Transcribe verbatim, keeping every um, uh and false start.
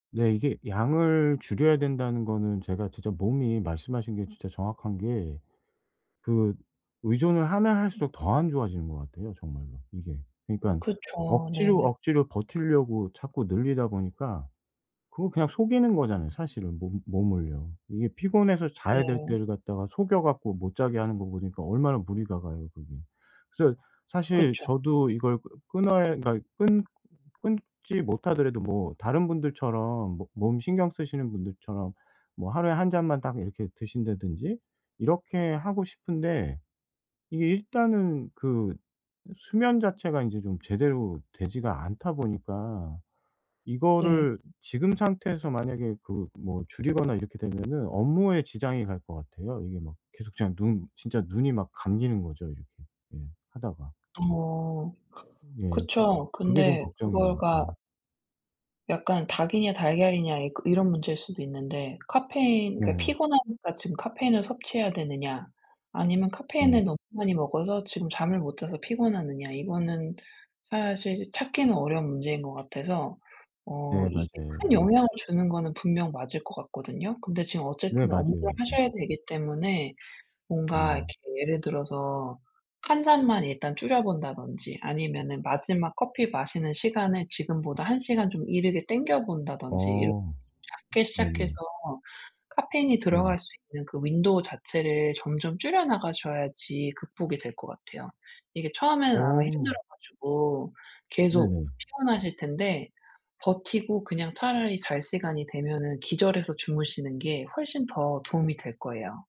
네. 이게 양을 줄여야 된다는 거는 제가 진짜 몸이, 말씀하신 게 진짜 정확한 게, 그 의존을 하면 할수록 더 안 좋아지는 것 같아요 정말로 이게. 그러니깐 그쵸. 억지로, 네. 억지로 버티려고 자꾸 늘리다 보니까 그거 그냥 속이는 거잖아요 사실은 몸 몸을요. 이게 피곤해서 자야 될 네. 때를 갖다가 속여 갖고 못 자게 하는 거 보니까 얼마나 무리가 가요 그게. 그래서 사실 그쵸. 저도 이걸 끄 끊어야 그러니까 끊 끊지 못하더라도 뭐 다른 분들처럼 뭐 몸 신경 쓰시는 분들처럼 뭐 하루에 한 잔만 딱 이렇게 드신다든지 이렇게 하고 싶은데 이게 일단은 그 수면 자체가 인제 좀 제대로 되지가 않다 보니까 네. 이거를 지금 상태에서 만약에 그 뭐 줄이거나 이렇게 되면은 업무에 지장이 갈 것 같아요. 이게 막 계속 제가 눈 진짜 눈이 막 감기는 거죠 이렇게 예 하다가. 어. 예. 그 그쵸. 그게 좀 근데 걱정이에요. 그걸가 음. 약간 닭이냐 달걀이냐 이 이런 문제일 수도 있는데 카페인 그러니까 네. 피곤하니까 지금 카페인을 섭취해야 되느냐 아니면 네. 카페인을 너무 많이 먹어서 지금 잠을 못 자서 피곤하느냐 이거는 사실 찾기는 어려운 문제인 것 같아서. 어 예, 맞아요. 이게 큰 예. 영향을 주는 거는 분명 맞을 것 같거든요. 근데 지금 네, 어쨌든 업무를 맞아요. 네. 하셔야 되기 때문에 뭔가 네. 이렇게 예를 들어서 한 잔만 일단 줄여 본다든지 아니면은 마지막 커피 마시는 시간을 지금보다 한 시간 좀 이르게 땡겨 본다든지 이렇게 좀 어. 작게 시작해서 네네. 카페인이 네. 들어갈 수 있는 그 윈도우 자체를 점점 줄여 나가셔야지 극복이 될 것 같아요. 이게 처음에는 아마 힘들어 어. 가지고 계속 네네. 피곤하실 텐데 버티고 그냥 차라리 잘 시간이 되면은 기절해서 주무시는 게 훨씬 더 도움이 될 거예요.